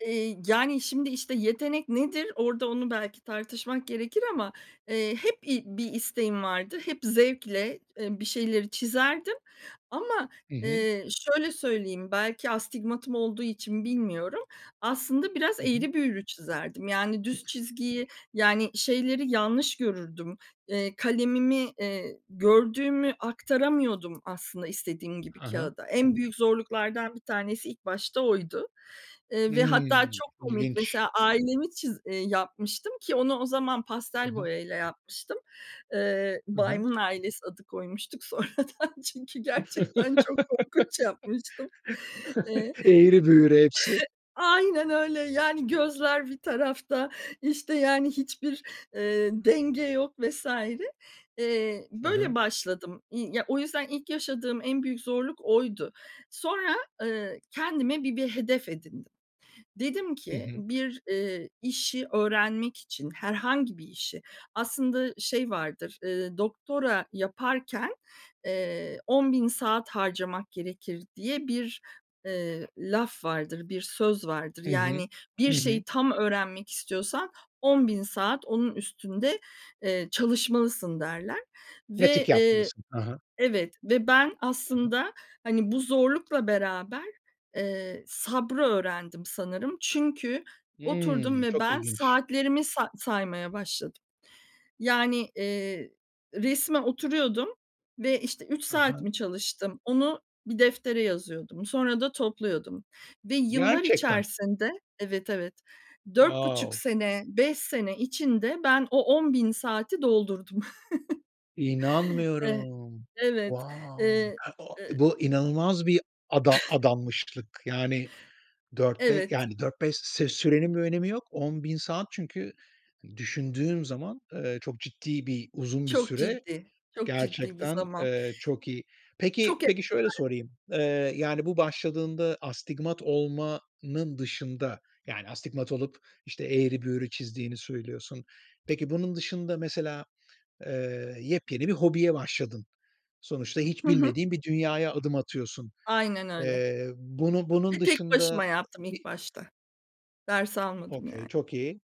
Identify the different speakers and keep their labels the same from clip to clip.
Speaker 1: Eee, yani, şimdi, işte, "Yetenek nedir?" Orada onu belki tartışmak gerekir ama, eee, hep i bir isteğim vardı, hep zevkle, eee, bir şeyleri çizerdim ama,
Speaker 2: Hı hı.
Speaker 1: eee, şöyle söyleyeyim, belki astigmatım olduğu için bilmiyorum, aslında biraz
Speaker 2: Hı hı.
Speaker 1: eğri büğrü çizerdim. Yani, düz çizgiyi, yani, şeyleri yanlış görürdüm, eee, kalemimi, eee, gördüğümü aktaramıyordum aslında istediğim gibi
Speaker 2: He he.
Speaker 1: kağıda. En büyük zorluklardan 1 tanesi ilk başta oydu, eee, ve hatta
Speaker 2: Imm,
Speaker 1: çok komik,
Speaker 2: ilginç.
Speaker 1: mesela ailemi çiz eee yapmıştım, ki onu o zaman
Speaker 2: He
Speaker 1: pastel
Speaker 2: he.
Speaker 1: boya ile yapmıştım. Eee,
Speaker 2: Hı hı.
Speaker 1: Baymın ailesi adı koymuştuk sonradan çünkü gerçekten çok korkunç yapmıştım. Eee
Speaker 2: Eğri büğrü hepsi.
Speaker 1: Aynen öyle. Yani, gözler bir tarafta, işte, yani, hiçbir, eee, denge yok vs. Eee,
Speaker 2: Hı
Speaker 1: böyle
Speaker 2: hı.
Speaker 1: başladım, i ya o yüzden ilk yaşadığım en büyük zorluk oydu. Sonra, eee, kendime bir bir hedef edindim. Dedim
Speaker 2: Hı
Speaker 1: ki,
Speaker 2: hı.
Speaker 1: bir, eee, işi öğrenmek için, herhangi bir işi, aslında, şey vardır, eee, "Doktora yaparken, eee, 10000 saat harcamak gerekir." diye bir, eee, laf vardır, bir söz vardır.
Speaker 2: I hı.
Speaker 1: Yani, "Bir
Speaker 2: I hı.
Speaker 1: şeyi tam öğrenmek istiyorsan 10.000 saat onun üstünde, eee, çalışmalısın." derler
Speaker 2: Pratik
Speaker 1: ve, eee
Speaker 2: yapmalısın. He he.
Speaker 1: Evet, ve ben
Speaker 2: Hı hı.
Speaker 1: aslında, hani, bu zorlukla beraber, eee, sabrı öğrendim sanırım çünkü oturdum
Speaker 2: Hımm,
Speaker 1: ve
Speaker 2: çok
Speaker 1: ben
Speaker 2: ilginç.
Speaker 1: saatlerimi sa saymaya başladım. Yani, eee, resme oturuyordum ve, işte, 3
Speaker 2: He
Speaker 1: saat
Speaker 2: he.
Speaker 1: mi çalıştım onu bir deftere yazıyordum. Sonra da topluyordum ve yıllar
Speaker 2: Gerçekten?
Speaker 1: içerisinde Evet, evet. 4,5
Speaker 2: Wow.
Speaker 1: sene, 5 sene içinde ben o 10.000 saati doldurdum. E
Speaker 2: İnanmıyorum.
Speaker 1: evet.
Speaker 2: Wow.
Speaker 1: Eee,
Speaker 2: [unintelligible]
Speaker 1: eee
Speaker 2: Bu inanılmaz bir ada adanmışlık. Yani, 4 be
Speaker 1: Evet.
Speaker 2: yani, 4-5 se sürenin bir önemi yok. 10.000 saat çünkü düşündüğüm zaman, eee, çok ciddi bir uzun bir
Speaker 1: Çok
Speaker 2: süre.
Speaker 1: ciddi, çok ciddi bir
Speaker 2: Gerçekten,
Speaker 1: zaman.
Speaker 2: eee, çok iyi. Peki,
Speaker 1: Çok
Speaker 2: peki,
Speaker 1: ezber.
Speaker 2: şöyle sorayım. Eee, yani, bu başladığında astigmat olmanın dışında, yani, astigmat olup, işte, eğri büğrü çizdiğini söylüyorsun. Peki, bunun dışında mesela, eee, yepyeni bir hobiye başladın. Sonuçta hiç
Speaker 1: Hı hı.
Speaker 2: bilmediğin bir dünyaya adım atıyorsun.
Speaker 1: Aynen öyle.
Speaker 2: Eee, bunu bunun
Speaker 1: Ve tek
Speaker 2: dışında,
Speaker 1: başıma yaptım
Speaker 2: bi
Speaker 1: ilk başta. Ders almadım, yani.
Speaker 2: Okay. Çok iyi.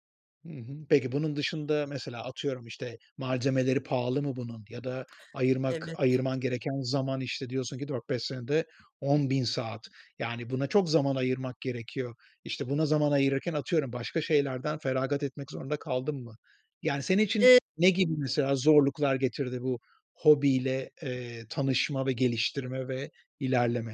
Speaker 2: Hı hı. Peki, bunun dışında, mesela, atıyorum, işte, malzemeleri pahalı mı bunun? Ya da ayırmak
Speaker 1: Evet.
Speaker 2: ayırman gereken zaman, işte, diyorsun ki 4-5 senede 10.000 saat. Yani, buna çok zaman ayırmak gerekiyor. İşte, buna zaman ayırırken, atıyorum, başka şeylerden feragat etmek zorunda kaldın mı? Yani, senin için
Speaker 1: Eee
Speaker 2: ne gibi, mesela, zorluklar getirdi bu hobiyle, eee, tanışma ve geliştirme ve ilerleme?